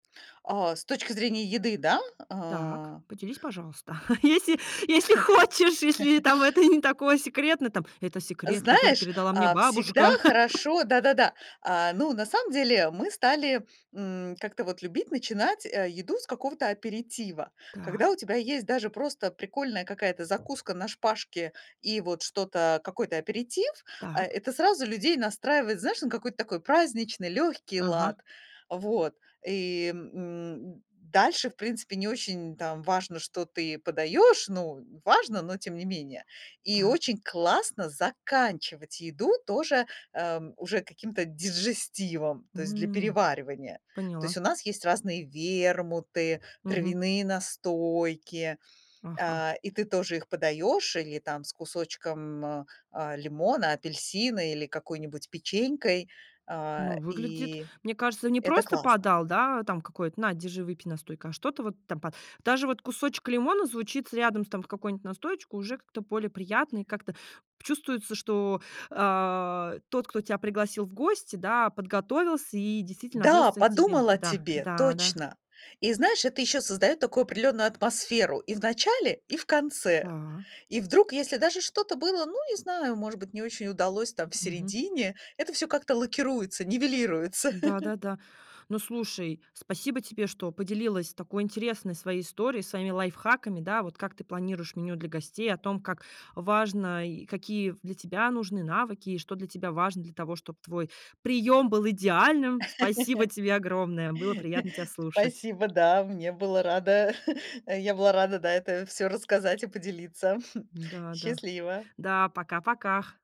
А с точки зрения еды, да? Так, А. поделись, пожалуйста. Если, если хочешь, если там это не такое секретно, там это секрет, который Знаешь, передала мне а, всегда бабушка. хорошо Да-да-да. А, ну, на самом деле, мы стали, м, как-то вот любить начинать, э, еду с какого-то аперитива. Когда Так. у тебя есть даже просто прикольная какая-то закуска на шпажке и вот что-то, какой-то аперитив, а, Так. это сразу людей настраивает, знаешь, на какой-то такой праздничный, лёгкий Ага. лад. Вот и, м, дальше, в принципе, не очень там важно, что ты подаёшь. Ну, важно, но тем не менее. И Так. очень классно заканчивать еду тоже, эм, уже каким-то дижестивом, то есть для А, переваривания. То поняла. есть у нас есть разные вермуты, Мгм. травяные настойки, Ага. а, и ты тоже их подаёшь или там с кусочком, м, а, лимона, апельсина или какой-нибудь печенькой, а, Ну выглядит и мне кажется не это просто классно. подал, да, там какой-то: на держи выпей настойкой. А что-то вот там па даже вот кусочек лимона звучит рядом там с какой-нибудь настоечкой, уже как-то более приятно, и как-то чувствуется, что, а, тот, кто тебя пригласил в гости, да, подготовился и действительно Да, относится к тебе подумал о да, тебе, да, да. точно. И знаешь, это еще создаёт такую определённую атмосферу и в начале, и в конце. Да. И вдруг, если даже что-то было, ну, не знаю, может быть, не очень удалось там в Мгм. середине, это всё как-то лакируется, нивелируется. Да да да. Ну слушай, спасибо тебе, что поделилась такой интересной своей историей, своими лайфхаками, да, вот как ты планируешь меню для гостей о том, как важно, и какие для тебя нужны навыки, и что для тебя важно для того, чтобы твой приём был идеальным. Спасибо тебе огромное, было приятно тебя слушать. Спасибо, да, мне было рада, я была рада, да, это всё рассказать и поделиться. Да, да, Счастливо. да, пока, пока.